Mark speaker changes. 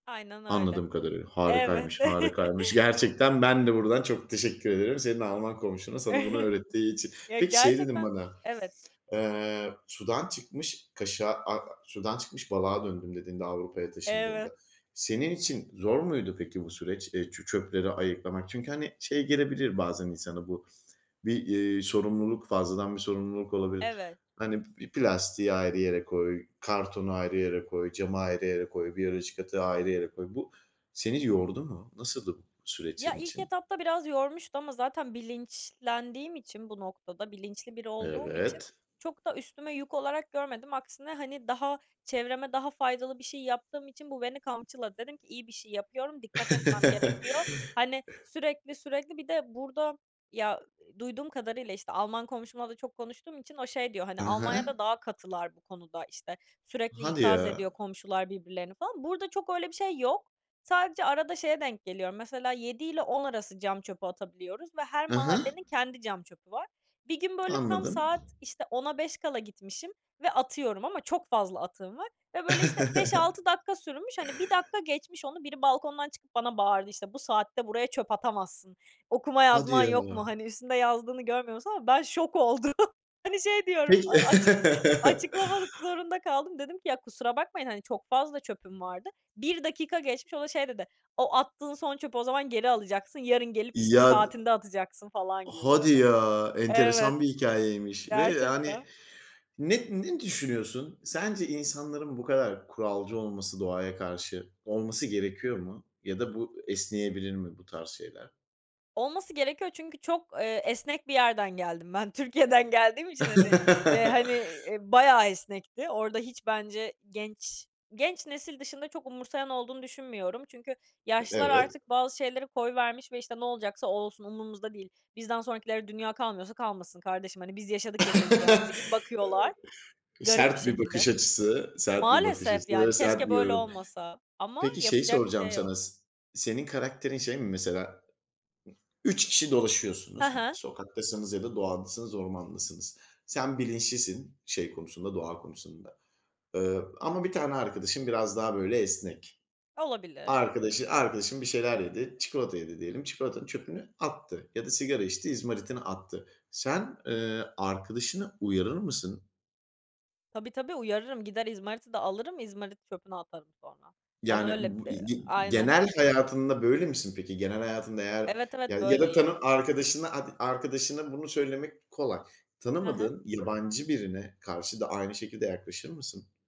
Speaker 1: Aynen öyle.
Speaker 2: Anladığım kadarıyla
Speaker 1: Evet.
Speaker 2: harikaymış, harikaymış. Gerçekten ben de buradan çok teşekkür ederim senin Alman komşuna sana bunu öğrettiği için.
Speaker 1: Ya
Speaker 2: Peki şey dedin
Speaker 1: gerçekten
Speaker 2: bana,
Speaker 1: Evet.
Speaker 2: eee, "Sudan çıkmış kaşığa a sudan çıkmış balığa döndüm," dediğinde Avrupa'ya
Speaker 1: Evet.
Speaker 2: taşındığında, senin için zor muydu peki bu süreç, eee, çö çöpleri ayıklamak? Çünkü hani, şey gelebilir bazen insana bu, bir, eee, sorumluluk, fazladan bir sorumluluk olabilir.
Speaker 1: Evet.
Speaker 2: Hani, "Bir plastiği ayrı yere koy, kartonu ayrı yere koy, camı ayrı yere koy, biyolojik atığı ayrı yere koy." Bu seni yordu mu? Nasıldı bu süreç
Speaker 1: Ya,
Speaker 2: senin
Speaker 1: ilk
Speaker 2: için?
Speaker 1: etapta biraz yormuştu ama zaten bilinçlendiğim için, bu noktada bilinçli biri olduğum için
Speaker 2: Evet.
Speaker 1: çok da üstüme yük olarak görmedim. Aksine, hani, daha çevreme daha faydalı bir şey yaptığım için bu beni kamçıladı. Dedim ki "İyi bir şey yapıyorum, dikkat etmem gerekiyor." Hani, sürekli sürekli, bir de burada, ya, duyduğum kadarıyla, işte, Alman komşumla da çok konuştuğum için o şey diyor, hani,
Speaker 2: Hı hı.
Speaker 1: "Almanya'da daha katılar bu konuda," işte, "Sürekli
Speaker 2: Hadi
Speaker 1: ikaz ediyor
Speaker 2: ya.
Speaker 1: komşular birbirlerini," falan. Burada çok öyle bir şey yok. Sadece arada şeye denk geliyorum, mesela, 7 ile 10 arası cam çöpü atabiliyoruz ve her
Speaker 2: Hı hı.
Speaker 1: mahallenin kendi cam çöpü var. Bir gün böyle tam
Speaker 2: Anladım.
Speaker 1: saat, işte, 10'a 5 kala gitmişim ve atıyorum ama çok fazla atığım var ve böyle, işte, 5-6 dakika sürmüş, hani, 1 dakika geçmiş onu, biri balkondan çıkıp bana bağırdı, işte, "Bu saatte buraya çöp atamazsın, okuma
Speaker 2: Hadi
Speaker 1: yazman
Speaker 2: ya.
Speaker 1: yok mu?" hani, "Üstünde yazdığını görmüyor musun?" ama ben şok oldum. Hani, şey diyorum,
Speaker 2: Peki.
Speaker 1: a açık açıklamak zorunda kaldım. Dedim ki "Ya, kusura bakmayın, hani, çok fazla çöpüm vardı." 1 dakika geçmiş, o da şey dedi, "O attığın son çöpü o zaman geri alacaksın, yarın gelip işte,
Speaker 2: Ya, d
Speaker 1: saatinde atacaksın," falan gibi
Speaker 2: Hadi
Speaker 1: böyle
Speaker 2: ya
Speaker 1: Evet,
Speaker 2: enteresan bir hikâyeymiş ve yani
Speaker 1: gerçekten.
Speaker 2: ne ne düşünüyorsun? Sence insanların bu kadar kuralcı olması, doğaya karşı, olması gerekiyor mu ya da bu esneyebilir mi bu tarz şeyler?
Speaker 1: Olması gerekiyor çünkü çok, eee, esnek bir yerden geldim ben. Türkiye'den geldiğim için, hani, eee, hani, eee, bayağı esnekti. Orada hiç bence genç, genç nesil dışında çok umursayan olduğunu düşünmüyorum. Çünkü yaşlılar
Speaker 2: Evet.
Speaker 1: artık bazı şeyleri koyvermiş ve işte, "Ne olacaksa olsun, umurumuzda değil, bizden sonrakilere dünya kalmıyorsa kalmasın kardeşim," hani, "Biz yaşadık yaşayacağımızı," gibi bakıyorlar. Garip bir
Speaker 2: Sert bir bakış
Speaker 1: şekilde.
Speaker 2: açısı, sert bir bakış
Speaker 1: Maalesef
Speaker 2: açısı ve
Speaker 1: yani
Speaker 2: sert
Speaker 1: keşke
Speaker 2: bir
Speaker 1: böyle
Speaker 2: yorum.
Speaker 1: olmasa. Ama
Speaker 2: Peki şeyi
Speaker 1: yapacak bir
Speaker 2: soracağım
Speaker 1: şey yok.
Speaker 2: sana, s senin karakterin şey mi mesela? 3 kişi
Speaker 1: Hı
Speaker 2: dolaşıyorsunuz,
Speaker 1: hı.
Speaker 2: sokaktasınız ya da doğadasınız, ormandasınız. Sen bilinçlisin, şey konusunda, doğa konusunda, eee, ama bir tane arkadaşın biraz daha böyle esnek.
Speaker 1: Olabilir.
Speaker 2: Arkadaşı arkadaşın bir şeyler yedi, çikolata yedi diyelim, çikolatanın çöpünü attı ya da sigara içti, izmaritini attı. Sen, eee, arkadaşını uyarır mısın?
Speaker 1: Tabii, tabii uyarırım. Gider izmariti de alırım, izmariti çöpüne atarım sonra. Ben
Speaker 2: Yani
Speaker 1: öyle
Speaker 2: b ı ı
Speaker 1: Eee
Speaker 2: ge
Speaker 1: aynen.
Speaker 2: genel hayatında böyle misin peki? Genel hayatında eğer
Speaker 1: Evet, evet,
Speaker 2: ya da
Speaker 1: böyleyim.
Speaker 2: tanı arkadaşın arkadaşına bunu söylemek kolay.
Speaker 1: Hı hı.
Speaker 2: Tanımadığın yabancı birine karşı da aynı şekilde yaklaşır mısın?